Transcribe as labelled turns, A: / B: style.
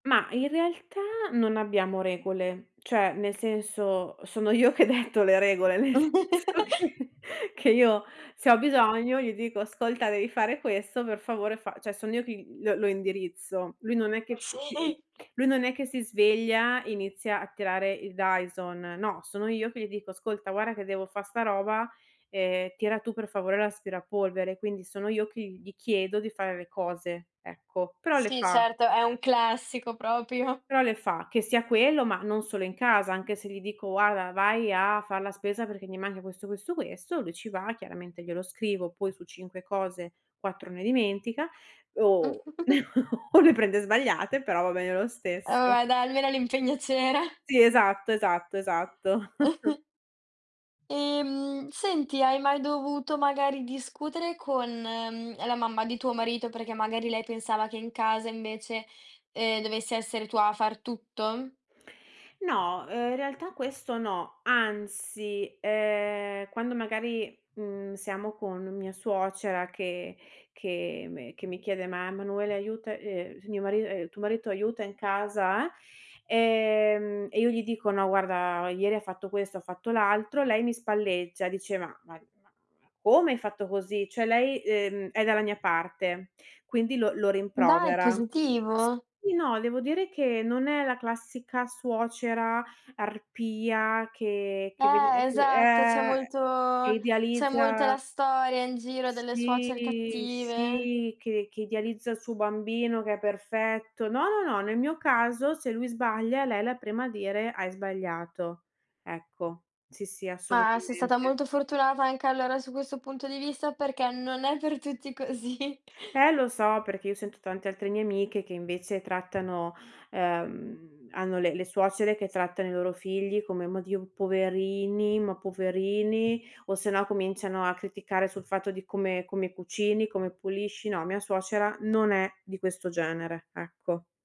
A: Mah, in realtà non abbiamo regole. Cioè, nel senso, sono io che detto le regole, nel senso che che io se ho bisogno gli dico: "Ascolta devi fare questo, per favore fa" cioè son io che gl lo lo indirizzo. Lui non è
B: Eh,
A: che [unintelligible]
B: sì.
A: lui non è che si sveglia e inizia a tirare il dyson. No, sono io che gli dico: "Ascolta guarda che devo fa' sta roba, ehm, tira tu per favore l'aspirapolvere." Quindi sono io che gli chiedo di fare le cose, ecco. Però le
B: Sì,
A: fa.
B: certo, è un classico proprio.
A: Però le fa, che sia quello, ma non solo in casa, anche se gli dico: "Guarda vai a far la spesa perché mi manca questo, questo, questo", lui ci va, chiaramente glielo scrivo poi su 5 cose, 4 ne dimentica o o le prende sbagliate, però va bene lo
B: Oh,
A: stesso.
B: a da almeno l'impegno c'era.
A: Sì, esatto, esatto, esatto.
B: Ehm, senti, hai mai dovuto magari discutere con, mhmm, ehm, la mamma di tuo marito perché magari lei pensava che in casa invece, ehm, dovessi essere tua a far tutto?
A: No, ehm, in realtà questo no. Anzi, ehm, quando magari, mhmm, siamo con mia suocera che che me che mi chiede: "Ma, Manuela aiuta ehm, s mio mari ehm, tuo marito aiuta in casa, eh"; ehm, e io gli dico: "No guarda ieri ha fatto questo, ha fatto l'altro" lei mi spalleggia, diceva: "Vai, [unintelligible] come hai fatto così?" Cioè, lei, ehm, è dalla mia parte, quindi lo lo
B: Dai, è
A: rimprovera.
B: positivo.
A: Sì, no, devo dire che non è la classica suocera arpia che che vedi
B: Eh,
A: nei fi
B: esatto, c'è
A: ehm,
B: molto
A: che
B: c'è molto la
A: idealizza
B: storia in giro delle suocere
A: Sì,
B: cattive.
A: sì, che che idealizza il suo bambino, che è perfetto. No, no, no, nel mio caso se lui sbaglia lei è la prima a dire: "Hai sbagliato." Ecco, sì, sì,
B: Ma, sei stata
A: assolutamente.
B: molto fortunata anche allora su questo punto di vista, perché non è per tutti così.
A: Eh, lo so, perché io sento tante altre mie amiche che invece trattano ehm, hanno le le suocere che trattano i loro figli come: "Mah Dio, poverini, ma poverini", o se no cominciano a criticare sul fatto di come come cucini, come pulisci. No, mia suocera non è di questo genere, ecco.